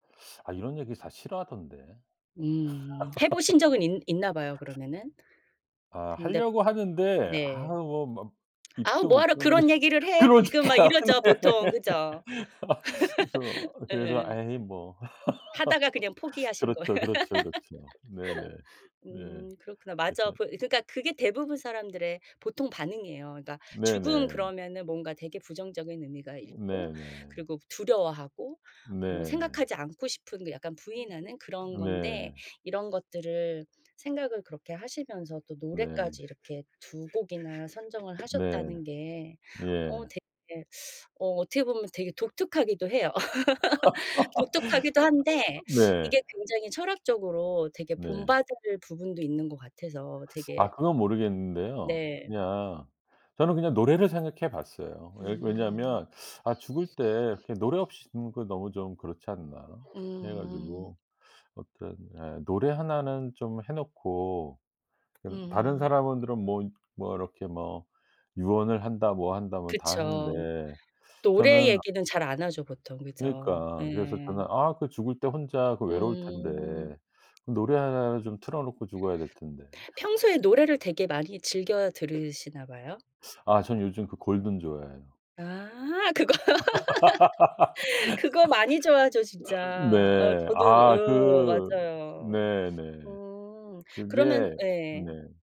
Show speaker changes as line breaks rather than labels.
아 이런 얘기 다 싫어하던데.
음. 해 보신 적은 있 있나 봐요 그러면은?
아
근데
하려고 하는데 아
네.
뭐 막
"아우
입도 못
뭐하러
떼고
그런 얘기를 해 지금." 막
그러니까.
이러죠
네.
보통. 그죠?
그래서 그래서
예.
에이 뭐.
하다가 그냥 포기하신 거.
그렇죠, 그렇죠, 그렇죠. 네네. 예.
음. 그렇구나. 맞아.
그래서
부 그러니까 그게 대부분 사람들의 보통 반응이에요. 그러니까 죽음
네네.
그러면 뭔가 되게 부정적인 의미가 있고
네네.
그리고 두려워하고 뭐
네.
생각하지 않고 싶은 약간 부인하는
[unintelligible]
그런 건데
네.
이런 것들을 생각을 그렇게 하시면서 또
네.
노래까지 이렇게 2 곡이나 선정을
네.
하셨다는 게 어
예.
되게 어 어떻게 보면 되게 독특하기도 해요. 독특하기도 한데 이게
네.
굉장히 철학적으로 되게
네.
본받을 부분도 있는 것 같아서 되게
아 그건 모르겠는데요.
네.
그냥 저는 그냥 노래를 생각해 봤어요. 왜
음.
왜냐면 '아 죽을 때 이렇게 노래 없이 죽는 거 너무 좀 그렇지 않나.' 해
음.
가지고 어떤 예 노래 하나는 좀 해 놓고 그 다른
음.
사람은 들은 뭐 뭐 이렇게 뭐 유언을 한다 뭐 한다 뭐 다
그쵸.
하는데
노래
저는
얘기는 잘 안 하죠 보통. 그죠.
그러니까. 그래서
예.
저는 '아 그 죽을 때 혼자 그 외로울
음.
텐데 그 노래 하나를 좀 틀어 놓고 죽어야 될 텐데.'
평소에 노래를 되게 많이 즐겨 들으시나 봐요?
아 저는 요즘 그 골든 좋아해요.
아 그거.
아
그거 많이 좋아하죠 진짜. 어
네.
저도
아
어
그
맞아요.
네 네.
음. 그러면
그게
예.
네.